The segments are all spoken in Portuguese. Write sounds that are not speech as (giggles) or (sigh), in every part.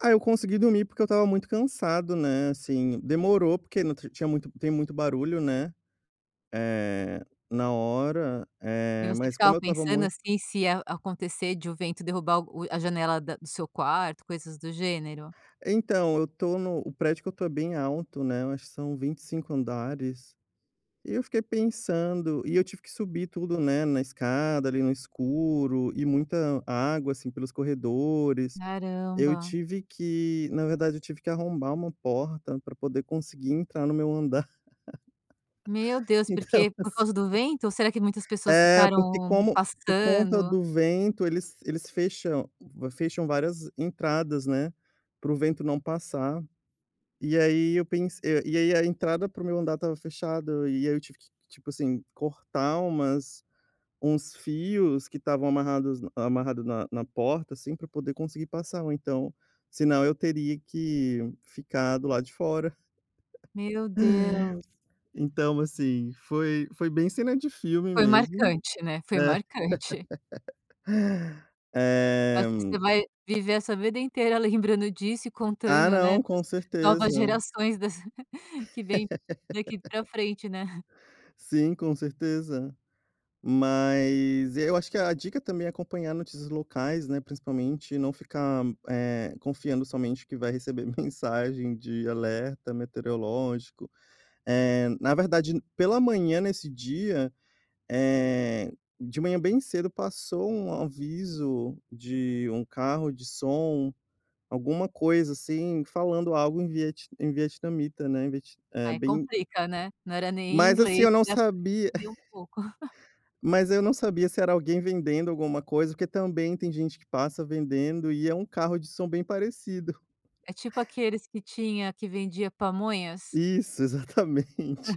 Ah, eu consegui dormir, porque eu estava muito cansado, né, assim, demorou porque tri tinha muito tem muito barulho, né, eh, na hora, E eh, você mas ficava como eu estava pensando muito assim, se a acontecer de o vento derrubar o a janela da do seu quarto, coisas do gênero? Então, eu estou no o prédio que eu estou é bem alto, né, eu acho que são 25 andares, e eu fiquei pensando e eu tive que subir tudo, né, na escada ali no escuro e muita água, assim, pelos corredores, eu Caramba. tive que na verdade eu tive que arrombar uma porta para poder conseguir entrar no meu andar Meu (laughs) Deus, então porque? Por assim causa do vento? Será que muitas pessoas É, porque ficaram como por conta passando? do vento, eles eles fecham fecham várias entradas, né, para o vento não passar. E aí eu pensei eh, e aí a entrada para o meu andar estava fechada e aí eu tive que, tipo assim, cortar umas uns fios que estavam amarrados amarrado na na porta, assim, para poder conseguir passar ou então senão eu teria que ficar do lado de fora. (laughs) Meu Deus. Então, assim, foi foi bem cena de filme Foi mesmo. marcante, né, foi É. marcante. (laughs) Acho Eh que você vai viver essa vida inteira lembrando disso e Ah contando, né, não, para as com novas certeza. gerações das (giggles) que vêm daqui pra (laughs) frente, né. Sim, com certeza, mas eu acho que a dica também é acompanhar notícias locais, né, principalmente e não ficar, eh, confiando somente que vai receber mensagem de alerta meteorológico, eh, na verdade pela manhã nesse dia, eh, de manhã bem cedo passou um aviso de um carro de som, alguma coisa assim, falando algo em viet em vietnamita, né, em viet é Aí bem complica, né. Não era nem em Mas, assim, inglês, eu não que dá para sabia entendia um pouco. Mas eu não sabia se era alguém vendendo alguma coisa, porque também tem gente que passa vendendo e é um carro de som bem parecido. É tipo aqueles que tinha que vendia pamonhas? Isso, exatamente,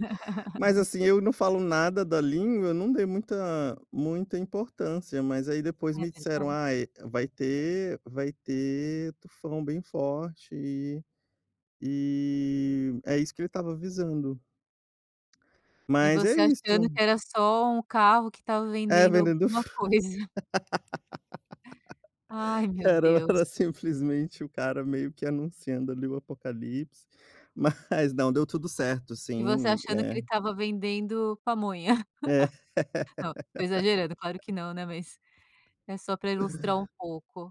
mas, assim, eu não falo nada da língua, não dei muita muita importância, mas aí depois É me disseram: verdade. "Ai vai ter vai ter tufão bem forte e e é isso que ele estava avisando." E Mas é você achando isto. que era só um carro que estava É vendendo vendendo alguma fru coisa. Ai (laughs) meu Era o Deus. era simplesmente o cara meio que anunciando, ali, o apocalipse, mas não deu tudo certo, E você assim, achando que eh ele estava vendendo pamonha. (giggles) É. Não, estou exagerando claro que (laughs) não, né, mas é só pra ilustrar um pouco.